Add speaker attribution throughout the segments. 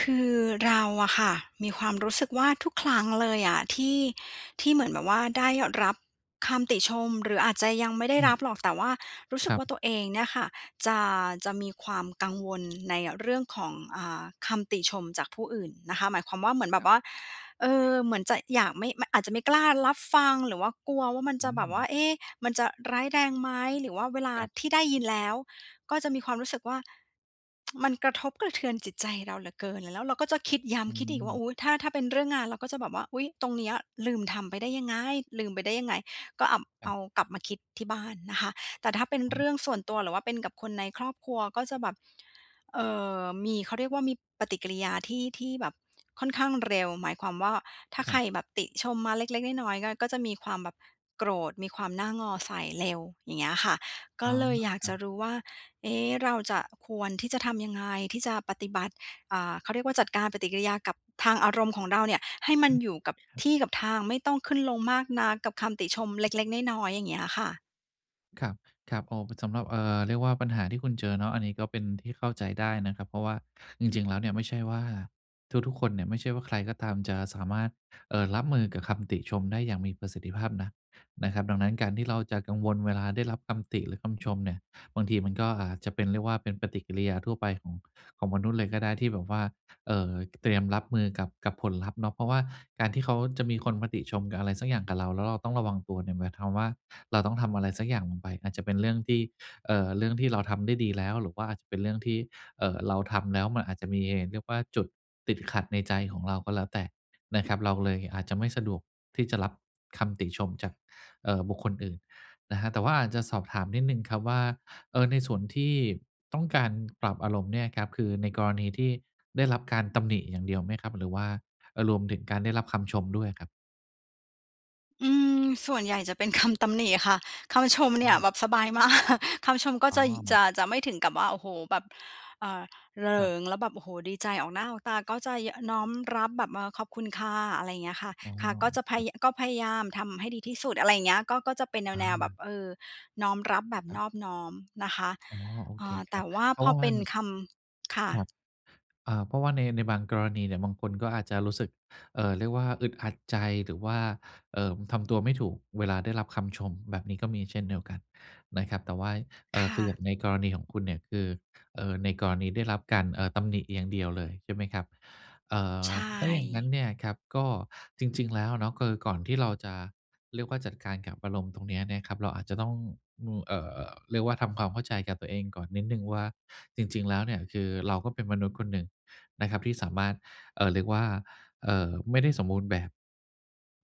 Speaker 1: คือเราอะค่ะ มีความรู้สึกว่าทุกครั้งเลยอะที่ ที่เหมือนแบบว่าได้รับคำติชม หรืออาจจะยังไม่ได้
Speaker 2: อื
Speaker 1: ร
Speaker 2: ม
Speaker 1: ับหรอก แต่ว่ารู้ส
Speaker 2: ค
Speaker 1: ึก
Speaker 2: รับ
Speaker 1: ว่าตัวเองเนี่ยค่ะจะ จะมีความกังวลในเรื่องของ อ่า คำติชมจากผู้อื่นนะคะ หมายความว่า เหมือนแบ
Speaker 2: ค
Speaker 1: บ
Speaker 2: รับ
Speaker 1: ว่า เออ เหมือนจะอยาก ไม่ อาจจะไม่กล้ารับฟังหรือว่ากลัวว่ามัน
Speaker 2: อ
Speaker 1: จ
Speaker 2: ื
Speaker 1: ะแบบว
Speaker 2: ม
Speaker 1: ่า เอ๊ มันจะร้ายแรงไหม หรือว่าเวลา
Speaker 2: ครับ
Speaker 1: ที่ได้ยินแล้วก็จะมีความรู้สึกว่า มันกระทบกระเทือนจิตใจเราเหลือเกิน แล้วเราก็จะคิดย้
Speaker 2: อ
Speaker 1: ำคิดอีกว่า
Speaker 2: ืม
Speaker 1: อุ๊ย ถ้า ถ้าเป็นเรื่องงานเราก็จะแบบว่า "อุ๊ย ตรงเนี้ยลืมทำไปได้ยังไง ลืมไปได้ยังไง" ก็เอา
Speaker 2: ค
Speaker 1: เอ
Speaker 2: รั
Speaker 1: า
Speaker 2: บ
Speaker 1: กลับมาคิดที่บ้านนะคะ แต่ถ้าเป็น
Speaker 2: อ
Speaker 1: เรื่อง
Speaker 2: ืม
Speaker 1: ส่วนตัวหรือว่าเป็นกับคนในครอบครัว ก็จะแบบ เออ มีเขาเรียกว่ามีปฏิกิริยาที่ ที่แบบค่อนข้างเร็ว หมายความว่าถ้า
Speaker 2: ค
Speaker 1: ใค
Speaker 2: รั
Speaker 1: ร
Speaker 2: บ
Speaker 1: แบบติชมมาเล็ก ๆ น้อย ๆ ก็จะมีความแบบโกรธ มีความหน้างอใส่เร็ว อย่างเงี้ยค่ะ ก
Speaker 2: อ
Speaker 1: ็
Speaker 2: ๋อ
Speaker 1: เลยอยาก
Speaker 2: คร
Speaker 1: จ
Speaker 2: ั
Speaker 1: ะ
Speaker 2: บ
Speaker 1: รู้ว่า เอ๊ เราจะควรที่จะทำยังไง ที่จะปฏิบัติ อ่า เขาเรียกว่าจัดการปฏิกิริยากับทางอารมณ์ของเราเนี่ย ให้มันอยู่กับที่กับทาง ไม่ต้องขึ้นลงมากนักกับคำติชมเล็ก ๆ น้อย ๆ อย่างเงี้ยค่ะ
Speaker 2: ครับ ครับ อ๋อ บ สำหรับ เอ่อ เรียกว่าปัญหาที่คุณเจอเนาะ อันนี้ก็เป็นที่เข้าใจได้นะครับ เพราะว่าจริง ๆ แล้วเนี่ยไม่ใช่ว่า ทุก ๆ คนเนี่ยไม่ใช่ว่าใครก็ตามจะสามารถ เอ่อ รับมือกับคำติชมได้อย่างมีประสิทธิภาพนะ นะครับ ดังนั้นการที่เราจะกังวลเวลาได้รับคำติหรือคำชมเนี่ย บางทีมันก็อาจจะเป็น เรียกว่าเป็นปฏิกิริยาทั่วไปของ ของมนุษย์เลยก็ได้ ที่แบบว่า เอ่อ ต เตรียมรับมือกับ กับผลลัพธ์เนาะ เพราะว่าการที่เขาจะมีคนมาติชมกับอะไรสักอย่างกับเรา แล้วเราต้องระวังตัวเนี่ย หมายความว่าเราต้องทำอะไรสักอย่างลงไป อาจจะเป็นเรื่องที่ เอ่อ เรื่องที่เราทำได้ดีแล้ว หรือว่าอาจจะเป็นเรื่องที่ เอ่อ เราทำแล้วมันอาจจะมี เรียกว่าจุดติดขัดในใจของเราก็แล้วแต่นะครับ เราเลยอาจจะไม่สะดวกที่จะรับคำติชมจาก เอ่อ บุคคลอื่นนะครับ แต่ว่าอาจจะสอบถามนิดหนึ่งครับว่า เออ ในส่วนที่ต้องการปรับอารมณ์เนี่ยครับ คือในกรณีที่ได้รับการตำหนิอย่างเดียวไหมครับ หรือว่า เออ รวมถึงการได้รับคำชมด้วยครับ?
Speaker 1: อืม ส่วนใหญ่จะเป็น คำ ตำหนิค่ะ คำชมเน
Speaker 2: อ
Speaker 1: ี่ย
Speaker 2: ืม
Speaker 1: แบบสบาย มาก คำชมก็
Speaker 2: อ๋
Speaker 1: จะ ย จ
Speaker 2: อ
Speaker 1: ะ จะไม่ถึงกับว่า โอ้โฮ แบบ เอ่อ เหล
Speaker 2: คร
Speaker 1: ิ
Speaker 2: ับ
Speaker 1: ง แล้วแบบ โอ้โฮ ดีใจออกหน้า ออกตา ก็จะ ย น้อมรับแบบ เออ ขอบคุณค่ะ อะไรอย่างเงี้ยค่ะ
Speaker 2: อ๋อ
Speaker 1: ค่ะ ก็จะพ
Speaker 2: ค
Speaker 1: า
Speaker 2: รับ
Speaker 1: ยะ ก็พยายามทำให้ดีที่สุด อะไรอย่างเงี้ย ก็ ก็เป็น
Speaker 2: อ
Speaker 1: แนว ๆ แบบ
Speaker 2: า
Speaker 1: เออ น้อมรับแบบ
Speaker 2: คร
Speaker 1: น
Speaker 2: ับ
Speaker 1: อบน้อมนะคะ
Speaker 2: อ๋อ โอ
Speaker 1: อ
Speaker 2: เ
Speaker 1: ่
Speaker 2: ค
Speaker 1: า
Speaker 2: ค
Speaker 1: แ
Speaker 2: ร
Speaker 1: ต
Speaker 2: ับ
Speaker 1: ่ว่า
Speaker 2: เพรา
Speaker 1: พ
Speaker 2: ะ
Speaker 1: อ
Speaker 2: ว่า
Speaker 1: เ
Speaker 2: ว
Speaker 1: ป
Speaker 2: ั
Speaker 1: ็น
Speaker 2: น
Speaker 1: คำ ค่ะ
Speaker 2: ครับ อ่า เพราะว่าใน ในบางกรณีเนี่ยบางคนก็อาจจะรู้สึก เอ่อ เรียกว่าอึดอัดใจ หรือว่า เอ่อ ทำตัวไม่ถูกเวลาได้รับคำชม แบบนี้ก็มีเช่นเดียวกันนะครับ แต่ว่า เอ
Speaker 1: ค
Speaker 2: ่อ ค
Speaker 1: ่
Speaker 2: ืออย่า
Speaker 1: ะ
Speaker 2: งในกรณีของคุณเนี่ย คือ เออ ในกรณีได้รับการ เออ ตำหนิอย่างเดียวเลย ใช่ไหมครับ เอ่อ
Speaker 1: ใช
Speaker 2: ถ้าอย่างงั้น
Speaker 1: ่
Speaker 2: เนี่ยครับก็ จริง ๆ แล้วเนาะ คือก่อนที่เราจะ เรียกว่าจัดการกับอารมณ์ตรงนี้เนี่ยครับ เราอาจจะต้อง ม เอ่อ เรียกว่าทำความเข้าใจกับตัวเองก่อนนิดหนึ่งว่า จริง ๆ แล้วเนี่ยคือเราก็เป็นมนุษย์คนหนึ่งนะครับที่สามารถ เอ่อ เรียกว่า เอ่อ ไม่ได้สมบูรณ์แบบ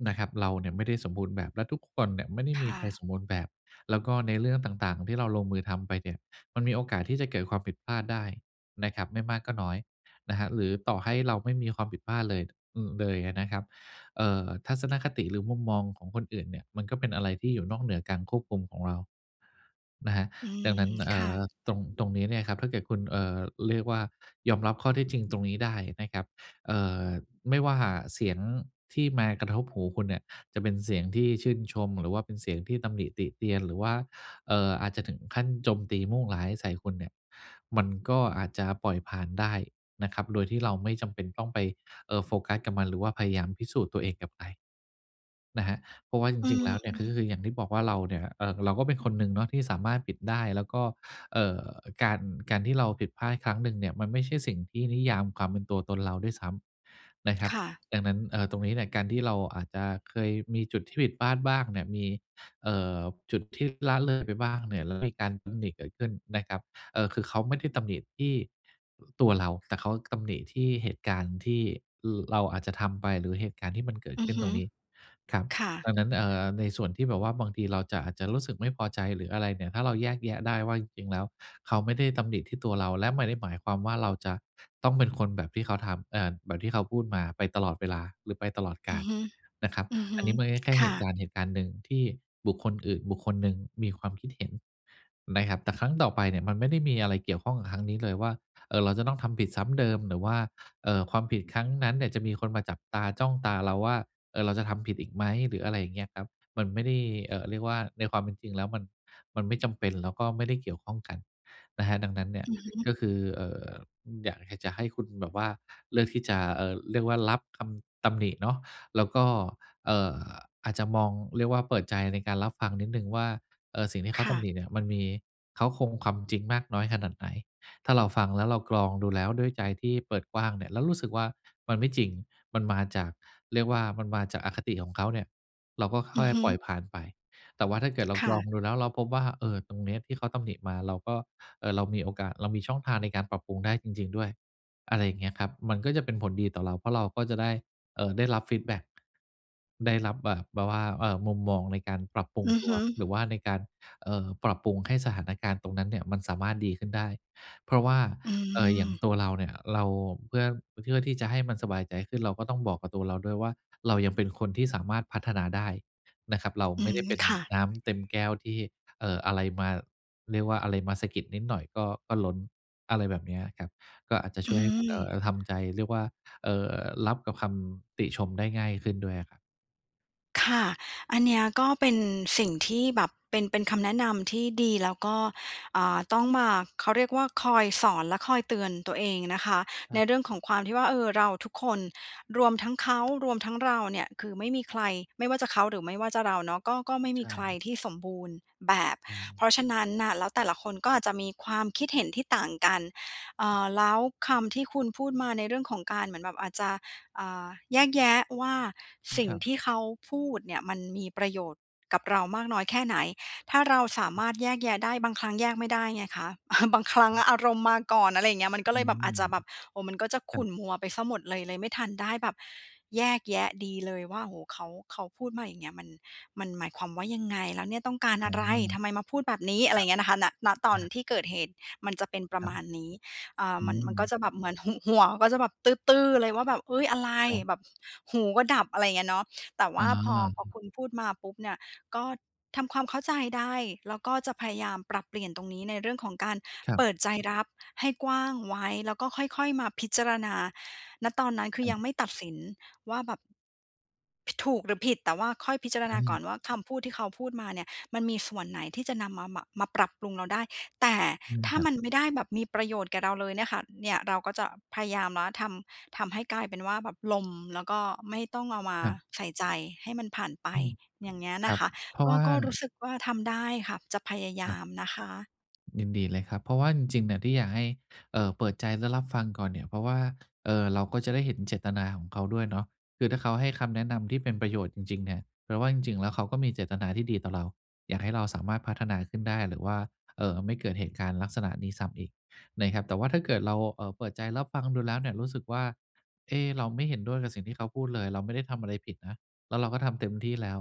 Speaker 2: นะครับ เราเนี่ยไม่ได้สมบูรณ์แบบ และทุกคนเนี่ยไม่ได้
Speaker 1: ค
Speaker 2: มี
Speaker 1: ่
Speaker 2: ใคร
Speaker 1: ะ
Speaker 2: สมบูรณ์แบบ แล้วก็ในเรื่องต่าง ๆ ที่เราลงมือทำไปเนี่ย มันมีโอกาสที่จะเกิดความผิดพลาดได้นะครับ ไม่มากก็น้อยนะครับ หรือต่อให้เราไม่มีความผิดพลาดเลย อือ เลย อะนะครับ เอ่อ ทัศนคติหรือมุมมองของคนอื่นเนี่ยมันก็เป็นอะไรที่อยู่นอกเหนือการควบคุมของเรา นะครับ
Speaker 1: อื
Speaker 2: ดั
Speaker 1: ม
Speaker 2: งนั้น เอ
Speaker 1: ค
Speaker 2: ่
Speaker 1: ่
Speaker 2: อ
Speaker 1: ะ
Speaker 2: ตรง ตรงนี้เนี่ยครับ ถ้าเกิดคุณ เอ่อ เรียกว่ายอมรับข้อเท็จจริงตรงนี้ได้นะครับ เอ่อ ไม่ว่าเสียงที่มากระทบหูคุณเนี่ยจะเป็นเสียงที่ชื่นชม หรือว่าเป็นเสียงที่ตำหนิติเตียน หรือว่า เอ่อ อาจจะถึงขั้นโจมตี มุ่งร้าย ใส่คุณเนี่ย มันก็อาจจะปล่อยผ่านได้นะครับ โดยที่เราไม่จำเป็นต้องไป เออ โฟกัสกับมัน หรือว่าพยายามพิสูจน์ตัวเองกับใคร นะครับ เพราะว่าจ
Speaker 1: อื
Speaker 2: ริง ๆ
Speaker 1: ม
Speaker 2: แล้วเนี่ยก็คือ คืออย่างที่บอกว่า เราเนี่ย เออ เราก็เป็นคนหนึ่งเนาะที่สามารถปิดได้ แล้วก็ เอ่อ การ การที่เราผิดพลาดครั้งหนึ่งเนี่ยมันไม่ใช่สิ่งที่นิยามความเป็นตัวตนเราด้วยซ้ำนะครั
Speaker 1: ค
Speaker 2: บ
Speaker 1: ่ะ
Speaker 2: ดังนั้น เออ ตรงนี้เนี่ยการที่เราอาจจะเคยมีจุดที่ผิดพลาดบ้างเนี่ย มี เอ่อ จุดที่ละเลยไปบ้างเนี่ย แล้วมีการตำหนิเกิดขึ้นนะครับ เออ คือเขาไม่ได้ตำหนิที่ อ ตัวเรา แต่เขา ตำหนิที่เหตุการณ์ที่ ร เราอาจจะทำไป หรือเหตุการณ์ที่มันเกิด
Speaker 1: อื
Speaker 2: ข
Speaker 1: อ
Speaker 2: ึ้
Speaker 1: ฮ
Speaker 2: น
Speaker 1: ึ
Speaker 2: ตรงนี้ ครับ
Speaker 1: ค่
Speaker 2: ดั
Speaker 1: ะ
Speaker 2: งนั้น เอ่อ ในส่วนที่แบบว่าบางทีเราจะ อาจจะรู้สึกไม่พอใจหรืออะไรเนี่ย ถ้าเราแยกแยะได้ว่าจริง ๆ แล้วเขาไม่ได้ตำหนิที่ตัวเรา และไม่ได้หมายความว่าเราจะต้องเป็นคนแบบที่เขาทำ เอ่อ แบบที่เขาพูดมาไปตลอดเวลาหรือไปตลอดก
Speaker 1: อื
Speaker 2: า
Speaker 1: อ
Speaker 2: ล
Speaker 1: ฮึ
Speaker 2: นะครับ
Speaker 1: อือฮ
Speaker 2: อั
Speaker 1: ึ
Speaker 2: นนี้มันก็แค่
Speaker 1: ค
Speaker 2: เห
Speaker 1: ่
Speaker 2: ตุก
Speaker 1: ะ
Speaker 2: ารณ์เหตุการณ์หนึ่ง ที่บุคคลอื่น บุคคลหนึ่ง มีความคิดเห็นไหมครับ แต่ครั้งต่อไปเนี่ยมันไม่ได้มีอะไรเกี่ยวข้องกับครั้งนี้เลยว่า เอ่อ เราจะต้องทำผิดซ้ำเดิม หรือว่า เอ่อ ความผิดครั้งนั้นเนี่ยจะมีคนมาจับตา จ้องตาเราว่า เออ เราจะทำผิดอีกไหม หรืออะไรอย่างเงี้ยครับ มันไม่ได้ เอ่อ เรียกว่าในความเป็นจริงแล้วมัน มันไม่จำเป็น แล้วก็ไม่ได้เกี่ยวข้องกันนะครับ ดังนั้นเนี่ย
Speaker 1: อือฮึ
Speaker 2: ก็คือ เอ่อ อยาก ห จะให้คุณแบบว่าเลือกที่จะ เอ่อ เรียกว่ารับคำตำหนิเนาะ แล้วก็ เอ่อ อาจจะมอง เรียกว่าเปิดใจในการรับฟังนิดหนึ่งว่า เออ สิ่งที่เข
Speaker 1: ค
Speaker 2: าต
Speaker 1: ่
Speaker 2: ำห
Speaker 1: ะ
Speaker 2: นิเนี่ยมันมีเค้าโครงความจริงมากน้อยขนาดไหน ถ้าเราฟังแล้วเรากรองดูแล้วด้วยใจที่เปิดกว้างเนี่ย แล้วรู้สึกว่ามันไม่จริง มันมาจาก เรียกว่ามันมาจากอคติของเขาเนี่ย เราก็ ค ค
Speaker 1: อื
Speaker 2: ่
Speaker 1: อ
Speaker 2: อย
Speaker 1: ฮ
Speaker 2: ปล่อ
Speaker 1: ึ
Speaker 2: ยผ่านไป แต่ว่าถ้าเกิดเรา
Speaker 1: ค
Speaker 2: ก
Speaker 1: ่
Speaker 2: รอง
Speaker 1: ะ
Speaker 2: ดูแล้วเราพบว่า เออ ตรงเนี้ยที่เขาตำหนิมา เราก็ เออ เรามีโอกาส เรามีช่องทางในการปรับปรุงได้จริง ๆ ด้วย อะไรอย่างเงี้ยครับ มันก็จะเป็นผลดีต่อเรา เพราะเราก็จะได้ เอ่อ ได้รับฟีดแบ็ก ได้รับแบบ แบบว่า เอ่อ มุมมองในการปรับปรุง
Speaker 1: อือ
Speaker 2: ตั
Speaker 1: ฮ
Speaker 2: ว
Speaker 1: ึ
Speaker 2: หรือว่าในการ เอ่อ ปรับปรุง ให้สถานการณ์ตรงนั้นเนี่ยมันสามารถดีขึ้นได้ เพราะว่า
Speaker 1: อื
Speaker 2: เอ่อ อย่าง
Speaker 1: ม
Speaker 2: ตัวเราเนี่ย เราเพื่อ เพื่อ ที่จะให้มันสบายใจขึ้น เราก็ต้องบอกกับตัวเราด้วยว่าเรายังเป็นคนที่สามารถพัฒนาได้นะครับ เรา
Speaker 1: อื
Speaker 2: ไม่ได้
Speaker 1: ม
Speaker 2: เป็น
Speaker 1: ค่ะ
Speaker 2: น้ำเต็มแก้วที่ เอ่อ อะไรมา เรียกว่าอะไรมาสะกิดนิดหน่อยก็ ก็ล้น อะไรแบบเนี้ยอะครับ ก็อาจจะช
Speaker 1: อ
Speaker 2: ่
Speaker 1: ื
Speaker 2: วยให้คุณ เอ่อ
Speaker 1: ม
Speaker 2: ทำใจ เรียกว่า เอ่อ รับกับคำติชมได้ง่ายขึ้นด้วยอะครับ
Speaker 1: ค่ะ อันเนี้ยก็เป็นสิ่งที่แบบ เป็น เป็นคำแนะนำที่ดี แล้วก็ อ่า ต้องมา เขาเรียกว่า คอยสอนและคอยเตือนตัวเอง อ นะคะ
Speaker 2: อ
Speaker 1: ใน
Speaker 2: า
Speaker 1: เรื่องของความที่ว่า เออ เราทุกคน รวมทั้งเขา รวมทั้งเราเนี่ย คือไม่มีใคร ไม่ว่าจะเขา หรือไม่ว่าจะเราเนาะ ก็ ก็ไม่
Speaker 2: ใ
Speaker 1: ม
Speaker 2: ช
Speaker 1: ี
Speaker 2: ่
Speaker 1: ใคร
Speaker 2: ครับ
Speaker 1: ที่สมบูรณ์แบบ
Speaker 2: ไร
Speaker 1: เพราะฉะนั้นน่ะ แล้วแต่ละคนก็อาจจะมีความคิดเห็นที่ต่างกัน เอ่อ แล้วคำที่คุณพูดมา ในเรื่องของการ เหมือนแบบอาจจะ อ่า แยกแยะว่า
Speaker 2: อื
Speaker 1: ส
Speaker 2: ม
Speaker 1: ิ่
Speaker 2: ค
Speaker 1: ง
Speaker 2: รับ
Speaker 1: ที่เขาพูดเนี่ย มันมีประโยชน์กับเรามากน้อยแค่ไหน ถ้าเราสา
Speaker 2: อ
Speaker 1: ม
Speaker 2: ืม
Speaker 1: ารถ แยกแยะได้ บางครั้งแยกไม่ได้ไงคะ บางครั้
Speaker 2: ค
Speaker 1: ง
Speaker 2: รับ
Speaker 1: อารมณ์มาก่อน อะไรอย่างเงี้ย มันก็
Speaker 2: อ
Speaker 1: เล
Speaker 2: ื
Speaker 1: ยแบบ
Speaker 2: ม
Speaker 1: อาจจะแบบ โอ้ มันก็จะ
Speaker 2: ค
Speaker 1: ข
Speaker 2: รั
Speaker 1: ุ่
Speaker 2: บ
Speaker 1: นมัวไปเสียหมดเลย เลยไม่ทันได้แบบแยกแยะดีเลยว่า โอ้โฮ เขา เขาพูดมา อย่างเงี้ย มัน มันหมายความว่ายังไง? แล้วเนี่ยต้องการ
Speaker 2: อา
Speaker 1: อะไร? ทำไมมาพูดแบบนี้? อ
Speaker 2: ค
Speaker 1: ะไ
Speaker 2: ร
Speaker 1: ร
Speaker 2: ั
Speaker 1: อย่
Speaker 2: บ
Speaker 1: างเงี้ยนะคะ ณ ณ ตอ
Speaker 2: อ
Speaker 1: น
Speaker 2: า
Speaker 1: ที่เกิดเหตุมันจะเป็นปร
Speaker 2: ค
Speaker 1: ะ
Speaker 2: รั
Speaker 1: ม
Speaker 2: บ
Speaker 1: าณนี้ อ่า
Speaker 2: อื
Speaker 1: มัน มันก็
Speaker 2: ม
Speaker 1: จะแบบเหมือนหุ หัวก็จะแบบตื้อ ๆ เลยว่าแบบ ฮึ่ย! อะไร
Speaker 2: ครับ
Speaker 1: แบบหูก็ดับ อะไรอย่างเงี้ยเนาะ แต่ว
Speaker 2: อ
Speaker 1: ่
Speaker 2: า
Speaker 1: า
Speaker 2: ฮ
Speaker 1: พอ พอค
Speaker 2: ึ
Speaker 1: ุณพูดมาปุ๊บเนี่ย ก็ทำความเข้าใจได้ แล้วก็จะพยายามปรับเปลี่ยนตรงนี้ ในเรื่องของการ
Speaker 2: ครั
Speaker 1: เป
Speaker 2: บ
Speaker 1: ิดใจรับให้กว้างไว้ แล้วก็ค่อย ๆ มาพิจารณา ณ ตอนนั้น คื
Speaker 2: ค
Speaker 1: อยัง
Speaker 2: รับ
Speaker 1: ไม่ตัดสินว่าแบบ พ ถูกหรือผิด แต่ว่าค่อยพิจารณ
Speaker 2: อ
Speaker 1: าก่อ
Speaker 2: า
Speaker 1: นว่า คำพูดที่เขาพูดมาเนี่ย มันมีส่วนไหนที่จะนำมา ม มาปรับปรุงเราได้ แต่
Speaker 2: เรื่อ
Speaker 1: ถ
Speaker 2: ย
Speaker 1: ้า
Speaker 2: ครั
Speaker 1: มั
Speaker 2: บ
Speaker 1: นไม่ได้แบบมีประโยชน์แก่เราเลยเนี่ยค่ะ เนี่ยเราก็จะพยายามแล้วทำ ทำให้กลายเป็นว่าแบบลม แล้วก็ไม่ต้องเอามา
Speaker 2: ครับ
Speaker 1: ใส่ใจ ให้มันผ่านไป
Speaker 2: อืม
Speaker 1: อย่างเงี้ย
Speaker 2: ค
Speaker 1: น
Speaker 2: ร
Speaker 1: ะ
Speaker 2: ับ
Speaker 1: คะ
Speaker 2: เพรา
Speaker 1: ก
Speaker 2: ะ
Speaker 1: ็
Speaker 2: ว่า
Speaker 1: ก็รู้สึกว่าทำได้ค่ะ จะพยาย
Speaker 2: คร
Speaker 1: า
Speaker 2: ับ
Speaker 1: มนะคะ
Speaker 2: ยินดีเลยครับ เพราะว่าจริง ๆ เนี่ยที่อยากให้ เอ่อ เปิดใจ และรับฟังก่อนเนี่ย เพราะว่า เอ่อ เราก็จะได้เห็นเจตนาของเขาด้วยเนาะ คือถ้าเขาให้คำแนะนำที่เป็นประโยชน์จริง ๆ เนี่ย แปลว่าจริง ๆ แล้วเขาก็มีเจตนาที่ดีต่อเรา อยากให้เราสามารถพัฒนาขึ้นได้ หรือว่า เอ่อ ไม่เกิดเหตุการณ์ลักษณะนี้ซ้ำอีกในครับ แต่ถ้าเกิดเรา เอ่อ เปิดใจรับฟังดูแล้วเนี่ย รู้สึกว่า เอ๊ะ! เราไม่เห็นด้วยกับสิ่งที่เขาพูดเลย เราไม่ได้ทำอะไรผิดนะ แล้วเราก็ทำเต็มที่แล้ว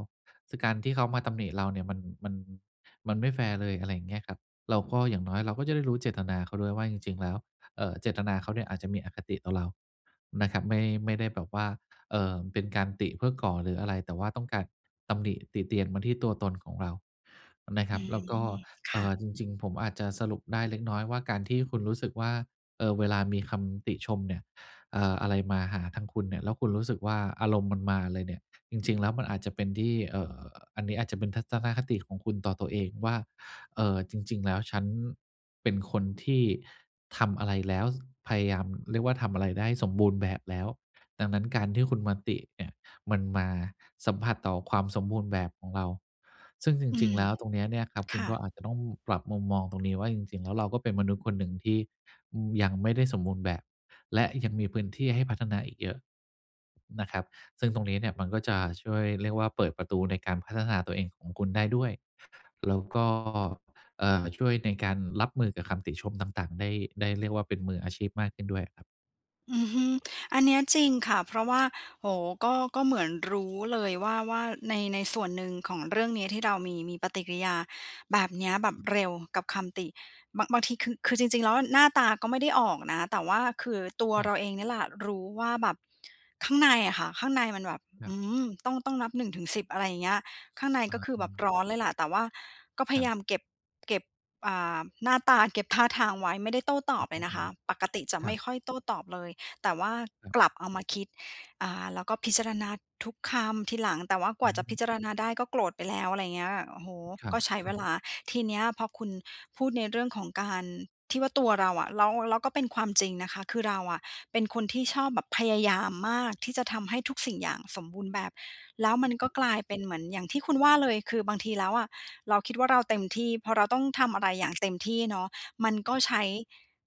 Speaker 2: คือการที่เขามาตำหนิเราเนี่ยมัน มัน มันไม่แฟร์เลย อะไรอย่างเงี้ยครับ เราก็ อย่างน้อยเราก็จะได้รู้เจตนาเขาด้วยว่า จริง ๆ แล้ว เอ่อ เจตนาเขาเนี่ยอาจจะมีอคติต่อเรานะครับ ไม่ ไม่ได้แบบว่า เอ่อ เป็นการติเพื่อก่อ หรืออะไร แต่ว่าต้องการตำหนิติเตียนมาที่ตัวตนของเรานะค
Speaker 1: อ
Speaker 2: รับ
Speaker 1: ื
Speaker 2: แล้วก็
Speaker 1: อ ค
Speaker 2: เอ
Speaker 1: ่
Speaker 2: ่อ
Speaker 1: ะ
Speaker 2: จริง ๆ ผมอาจจะสรุปได้เล็กน้อยว่า การที่คุณรู้สึกว่า เอ่อ เวลามีคำติชมเนี่ย เอ่อ อะไรมาหาทางคุณเนี่ย แล้วคุณรู้สึกว่า อารมณ์มันมาเลยเนี่ย จริง ๆ แล้วมันอาจจะเป็นที่ เอ่อ อันนี้อาจจะเป็นทัศนคติของคุณต่อตัวเองว่า เอ่อ จริง ๆ แล้วฉันเป็นคนที่ทำอะไรแล้ว ส พยายาม เรียกว่า ทำอะไรได้สมบูรณ์แบบแล้ว ดังนั้นการที่คุณมาติเนี่ย มันมาสัมผัสต่อความสมบูรณ์แบบของเรา ซึ่งจ
Speaker 1: อื
Speaker 2: ริง
Speaker 1: ม
Speaker 2: ๆ แล้ว ตรงเนี้ยเนี่ยครับ ค
Speaker 1: ค
Speaker 2: ุณ
Speaker 1: ่
Speaker 2: ก็
Speaker 1: ะ
Speaker 2: อาจจะต้องปรับมุมมองตรงนี้ว่า จริง ๆ แล้วเราก็เป็นมนุษย์คนหนึ่งที่ อืม ยังไม่ได้สมบูรณ์แบบ และยังมีพื้นที่ให้พัฒนาอีกเยอะนะครับ ซึ่งตรงนี้เนี่ย มันก็จะช่วย เรียกว่า เปิดประตูในการพัฒนาตัวเองของคุณได้ด้วย แล้วก็ เอ่อ ช่วยในการรับมือกับคำติชมต่าง ๆ ได้ ได้ เรียกว่า เป็นมืออาชีพมากขึ้นด้วยครับ
Speaker 1: อือฮึ อันเนี้ยจริงค่ะ เพราะว่า โอ้ ก็ ก็เหมือนรู้เลยว่า ว่า ใน ในส่วนหนึ่งของเรื่องนี้ที่เรามี มีปฏิกิริยาแบบเนี้ย แบบเร็วกับคำติ บาง บางที คือ คือจริง ๆ แล้วหน้าตาก็ไม่ได้ออกนะ แต่ว่าคือ ตัว
Speaker 2: ครั
Speaker 1: เร
Speaker 2: บ
Speaker 1: าเองเนี่ยแหละรู้ว่าแบบ ข้างในอะค่ะ ข้างในมันแบบ
Speaker 2: คร
Speaker 1: อ
Speaker 2: ั
Speaker 1: ื
Speaker 2: บ
Speaker 1: ม ต้อง ต้องนับ 1-10 อะไรเงี้ย ข้างใน
Speaker 2: อา
Speaker 1: ก็คือแบบ
Speaker 2: ๆ
Speaker 1: ร้อนเลยล่ะ แต่ว่าก็พ
Speaker 2: ค
Speaker 1: ย
Speaker 2: รั
Speaker 1: ายา
Speaker 2: บ
Speaker 1: มเก็บ เก็บ อ่า หน้าตา เก็บท่าทางไว้ ไม่ได้โต้ต
Speaker 2: อ
Speaker 1: อ
Speaker 2: ๋
Speaker 1: บ
Speaker 2: อ
Speaker 1: เลยนะคะ ปกติจะ
Speaker 2: ค
Speaker 1: ไ
Speaker 2: ร
Speaker 1: ม
Speaker 2: ั
Speaker 1: ่
Speaker 2: บ
Speaker 1: ค่อยโต้ตอบเลย แต่ว่า
Speaker 2: ครับ
Speaker 1: กลับเอามาคิด อ่า แล้วก็พิจารณาทุกคำทีหลัง แต่ว่าก
Speaker 2: อ
Speaker 1: ว่าจะพ
Speaker 2: ืม
Speaker 1: ิจารณาได้ก็โกรธไปแล้ว อะไรเงี้ย โอ้โฮ
Speaker 2: ครั
Speaker 1: ก
Speaker 2: บ
Speaker 1: ็ใช้
Speaker 2: ค
Speaker 1: เว
Speaker 2: รั
Speaker 1: ล
Speaker 2: บ
Speaker 1: า ทีเนี้ยพอคุณพูดในเรื่องของการ ที่ว่าตัวเราอะ แล้ว แล้วก็เป็นความจริงนะคะ คือเราอะเป็นคนที่ชอบแบบพยายามมากที่จะทำให้ทุกสิ่งอย่างสมบูรณ์แบบ แล้วมันก
Speaker 2: ค
Speaker 1: ็
Speaker 2: รับ
Speaker 1: กลายเป็นเหมือนอย่างที่คุณว่าเลย คือ บางทีแล้วอะ เราคิดว่า เราเต็มที่ พอเราต้องทำอะไรอย่างเต็มที่เนาะ มันก็
Speaker 2: ครับ
Speaker 1: ใช้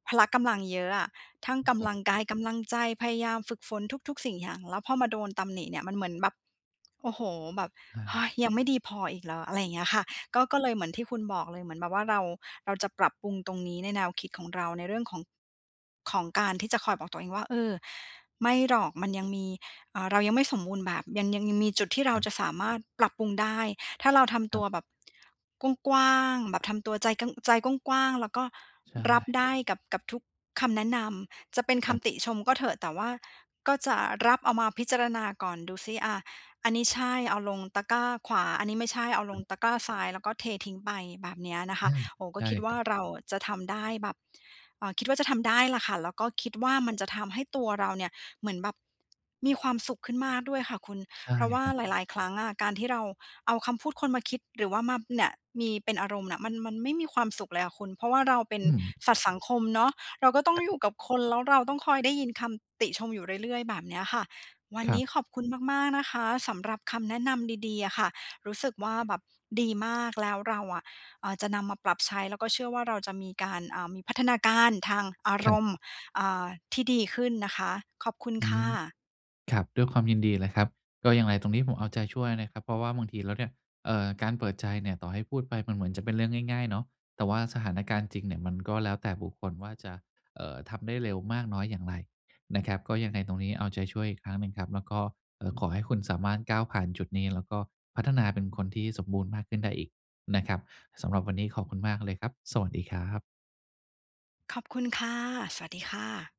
Speaker 1: พละกำลังเยอะอะ ทั้ง
Speaker 2: อือ
Speaker 1: ก
Speaker 2: คร
Speaker 1: ำ
Speaker 2: ั
Speaker 1: ลั
Speaker 2: บ
Speaker 1: งกาย กำลังใจ พยายามฝึกฝนทุก ๆ สิ่งอย่าง แล้วพอมาโดนตำหนิเนี่ยมันเหมือนแบบ โอ้โฮ แบบ
Speaker 2: อ
Speaker 1: เฮ้
Speaker 2: า
Speaker 1: ย ยังไม่ดีพออีกเหรอ อะไรเงี้ยค่ะ ก็ ก็เลยเหมือนที่คุณบอกเลย เหมือนแบบว่าเรา เราจะปรับปรุงตรงนี้ ในแนวคิดของเราในเรื่องของ ของการที่จะคอยบอกตัวเองว่า เออ ไม่หรอก มันยังมี อ่า เรายังไม่สมบูรณ์แบบ ยัง ยัง ยังมีจุดที่เรา
Speaker 2: ครับ
Speaker 1: จะสามารถปรับปรุงได้ ถ้าเราทำ
Speaker 2: ค
Speaker 1: ต
Speaker 2: ร
Speaker 1: ั
Speaker 2: ับ
Speaker 1: วแบบ กว้าง ๆ แบบทำตัวใจก้ำ ใจกว้าง ๆ แล้วก็
Speaker 2: ใช
Speaker 1: รับ
Speaker 2: ่
Speaker 1: ได้กับ กับทุก คำแนะนำ จะเป็นค
Speaker 2: ครับ
Speaker 1: ำติชมก็เถอะ แต่ว่าก็จะรับเอามาพิจารณาก่อนดูซิ อ่า อันนี้ใช่ เอาลงตะกร้าขวา อันนี้ไม่ใช่เอาล
Speaker 2: ครั
Speaker 1: ง
Speaker 2: บ
Speaker 1: ตะกร้าซ้าย แล้วก็เททิ้งไปแบบเนี้ยนะค
Speaker 2: อื
Speaker 1: ะ
Speaker 2: ม
Speaker 1: โอ้ ก็
Speaker 2: ใช่
Speaker 1: คิดว
Speaker 2: ค
Speaker 1: ่
Speaker 2: ร
Speaker 1: า
Speaker 2: ับ
Speaker 1: เราจะทำได้แบบ เอ่อ คิดว่าจะทำได้ล่ะค่ะ แล้วก็คิดว่ามั
Speaker 2: ค
Speaker 1: น
Speaker 2: รับ
Speaker 1: จะทำให้ตัวเราเนี่ย เหมือนแบบมีความสุขขึ้นมากด้วยค่ะคุณ
Speaker 2: ใช่
Speaker 1: เพราะว่า
Speaker 2: ครับ
Speaker 1: หลาย ๆ ครั้งอะ การที่เราเอาคำพูดคนมาคิด หรือว่ามาเนี่ยมี เป็นอารมณ์เนี่ย มัน มันไม่มีความสุขเลยอะคุณ เพราะว่าเราเป็น
Speaker 2: อืม
Speaker 1: สัตว์สังคมเนาะ เราก็ต้องอยู่กับคนแล้วเราต้องคอยได้ยินคำ ติชมอยู่เรื่อย ๆ แบบเนี้ยค่ะ วัน
Speaker 2: คร
Speaker 1: น
Speaker 2: ั
Speaker 1: ี้
Speaker 2: บ
Speaker 1: ขอบคุณมาก ๆ นะคะ สำหรับคำแนะนำดี ๆ อะค่ะ รู้สึกว่าแบบดีมาก แล้วเราอะ อ่า จะนำมาปรับใช้แล้วก็เชื่อว่าเราจะมีการ อ่า มีพัฒนาการทางอา
Speaker 2: ค
Speaker 1: ร
Speaker 2: รับ
Speaker 1: มณ์ อ่า ที่ดีขึ้นนะคะ ขอบคุณ
Speaker 2: อื
Speaker 1: ค่ะ
Speaker 2: ม ครับ ด้วยความยินดีเลยครับ ก็อย่างไรตรงนี้ผมเอาใจช่วยนะครับ เพราะว่าบางทีแล้วเนี่ย เอ่อ การเปิดใจเนี่ย ต่อให้พูดไปมันเหมือนจะเป็นเรื่องง่าย ๆ เนาะ แต่ว่าสถานการณ์จริงเนี่ย มันก็แล้วแต่บุคคลว่าจะ เอ่อ ทำได้เร็วมากน้อยอย่างไรนะครับ ก็ยังไงตรงนี้เอาใจช่วยอีกครั้งหนึ่งครับ แล้วก็ เอ่อ ขอให้คุณสามารถ ก้าวผ่านจุดนี้ แล้วก็พัฒนาเป็นคนที่สมบูรณ์มากขึ้นได้อีกนะครับ สำหรับวันนี้ขอบคุณมากเลยครับ สวัสดีครับ
Speaker 1: ขอบคุณค่ะ สวัสดีค่ะ